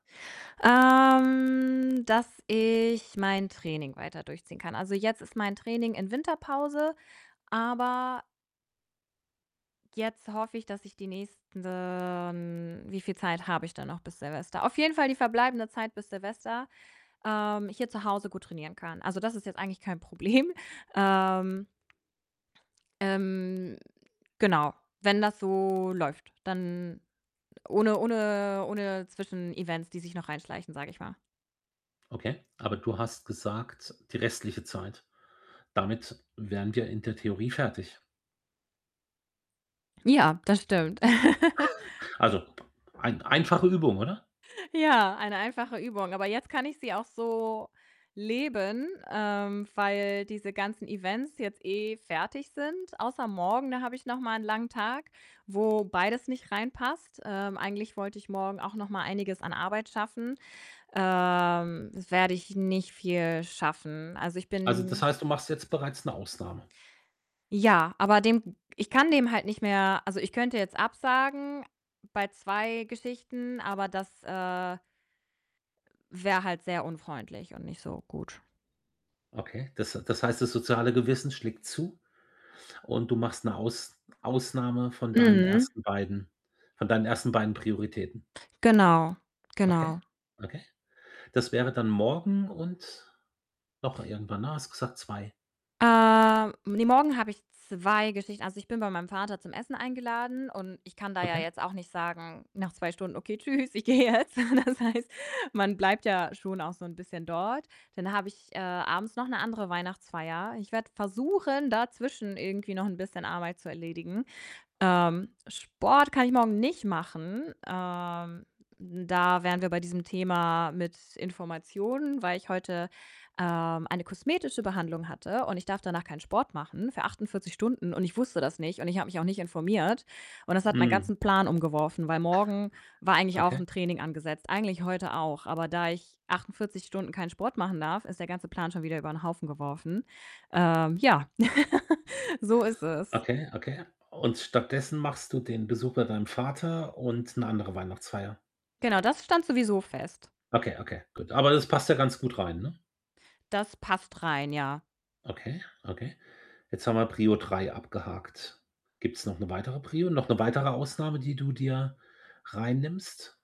Ähm, dass ich mein Training weiter durchziehen kann. Also, jetzt ist mein Training in Winterpause, aber jetzt hoffe ich, dass ich die nächsten wie viel Zeit habe ich dann noch bis Silvester? Auf jeden Fall, die verbleibende Zeit bis Silvester, ähm, hier zu Hause gut trainieren kann. Also, das ist jetzt eigentlich kein Problem. Ähm ähm, genau, wenn das so läuft, dann ohne ohne ohne Zwischenevents, die sich noch reinschleichen, sage ich mal. Okay, aber du hast gesagt, die restliche Zeit. Damit wären wir in der Theorie fertig. Ja, das stimmt. Also, p ein einfache Übung, oder? Ja, eine einfache Übung, aber jetzt kann ich sie auch so leben, ähm, weil diese ganzen Events jetzt eh fertig sind. Außer morgen, da habe ich noch mal 'n langen Tag, wo beides nicht reinpasst. Ähm, eigentlich wollte ich morgen auch noch mal einiges an Arbeit schaffen. Ähm, das werde ich nicht viel schaffen. Also, ich Also, das bin heißt, du machst jetzt bereits 'ne Ausnahme? Ja, aber dem ich kann dem halt nicht mehr also, ich könnte jetzt absagen bei 2 Geschichten, aber das, äh wäre halt sehr unfreundlich und nicht so gut. Okay, das h das heißt, das soziale Gewissen schlägt zu und du machst 'ne Aus Ausnahme von deinen Mhm. 1. beiden von deinen 1. beiden Prioritäten? Genau, Okay, genau. okay. Das wäre dann morgen und noch irgendwann, ne, hast du gesagt, 2. Äh, ne, morgen habe ich 2 Geschichten. Also, ich bin bei meinem Vater zum Essen eingeladen und ich kann da ja Okay. jetzt auch nicht sagen, nach 2 Stunden: „Okay, tschüss, ich gehe jetzt.“ Das heißt, man bleibt ja schon auch so 'n bisschen dort. Dann habe ich, äh, abends noch 'ne andere Weihnachtsfeier. Ich werde versuchen, dazwischen irgendwie noch 'n bisschen Arbeit zu erledigen. Ähm, Sport kann ich morgen nicht machen. Ähm, da wären wir bei diesem Thema mit Informationen, weil ich heute, ähm, eine kosmetische Behandlung hatte und ich darf danach keinen Sport machen für 48 Stunden und ich wusste das nicht und ich habe mich auch nicht informiert. Und das hat meinen Mhm. ganzen Plan umgeworfen, weil morgen war eigentlich auch 'n Okay. Training angesetzt, eigentlich heute auch. Aber da ich 48 Stunden keinen Sport machen darf, ist der ganze Plan schon wieder über 'n Haufen geworfen. Ähm, ja, so ist es. Okay, okay. Und stattdessen machst du den Besuch bei deinem Vater und 'ne andere Weihnachtsfeier? Genau, das stand sowieso fest. Okay, okay, gut. Aber das passt ja ganz gut rein, ne? Das passt rein, ja. Okay, okay. Jetzt haben wir Prio 3 abgehakt. Gibt's noch 'ne weitere Prio? Noch 'ne weitere Ausnahme, die du dir reinnimmst?